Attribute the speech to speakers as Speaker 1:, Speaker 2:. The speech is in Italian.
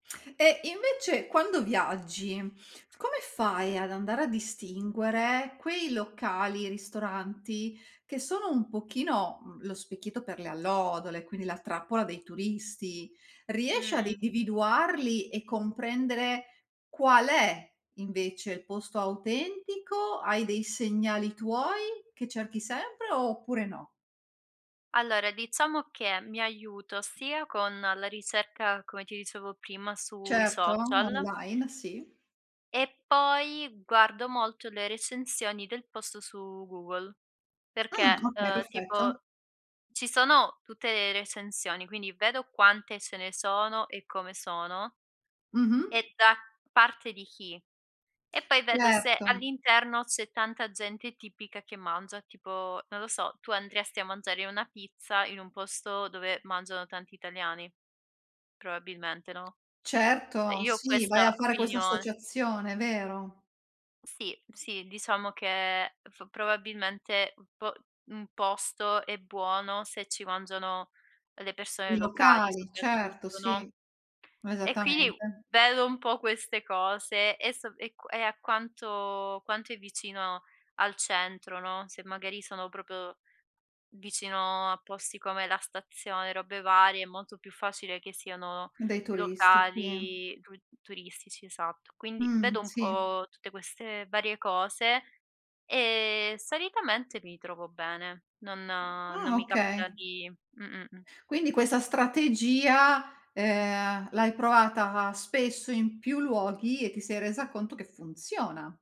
Speaker 1: E invece quando viaggi, come fai ad andare a distinguere quei locali, ristoranti, che sono un pochino, uhm, lo specchietto per le allodole, quindi la trappola dei turisti? Riesci ad
Speaker 2: Mh-mh.
Speaker 1: individuarli e comprendere qual è invece il posto autentico? Hai dei segnali tuoi, che cerchi sempre, oppure no?
Speaker 2: Allora, diciamo che, mi aiuto sia con la ricerca, come ti dicevo prima sui
Speaker 1: Certo,
Speaker 2: social
Speaker 1: online, sì.
Speaker 2: e poi guardo molto le recensioni del posto su Google.
Speaker 1: Ah,
Speaker 2: Perché,
Speaker 1: okay,
Speaker 2: uhm, tipo,
Speaker 1: perfetto.
Speaker 2: ci sono tutte le recensioni, quindi vedo quante ce ne sono e come sono
Speaker 1: Mh-mh.
Speaker 2: e da parte di chi, e poi vedo se
Speaker 1: Certo.
Speaker 2: all'interno c'è tanta gente tipica che mangia, tipo: non lo so, tu andresti a mangiare una pizza in un posto dove mangiano tanti italiani? Probabilmente, no?
Speaker 1: Certo,
Speaker 2: Io ho
Speaker 1: sì, vai a
Speaker 2: questa
Speaker 1: fare questa
Speaker 2: opinione.
Speaker 1: associazione, vero.
Speaker 2: Sì, sì, diciamo che f probabilmente un p un posto è buono, se ci mangiano le persone
Speaker 1: I
Speaker 2: locali
Speaker 1: locali, certo,
Speaker 2: soprattutto, no,
Speaker 1: sì,
Speaker 2: e quindi
Speaker 1: esattamente.
Speaker 2: vedo un po' queste cose, e so e q e a quanto quanto è vicino al centro, no, se magari sono proprio vicino a posti come la stazione, robe varie, è molto più facile che siano
Speaker 1: Dei turisti, sì.
Speaker 2: locali tu turistici, esatto. Quindi vedo
Speaker 1: Mhmm,
Speaker 2: un
Speaker 1: sì.
Speaker 2: po' tutte queste varie cose, e solitamente mi trovo bene. Non non
Speaker 1: Ah,
Speaker 2: mi capita
Speaker 1: okay.
Speaker 2: di mh, mh, mh.
Speaker 1: Quindi questa strategia, ehm, l'hai provata spesso in più luoghi e ti sei resa conto che funziona.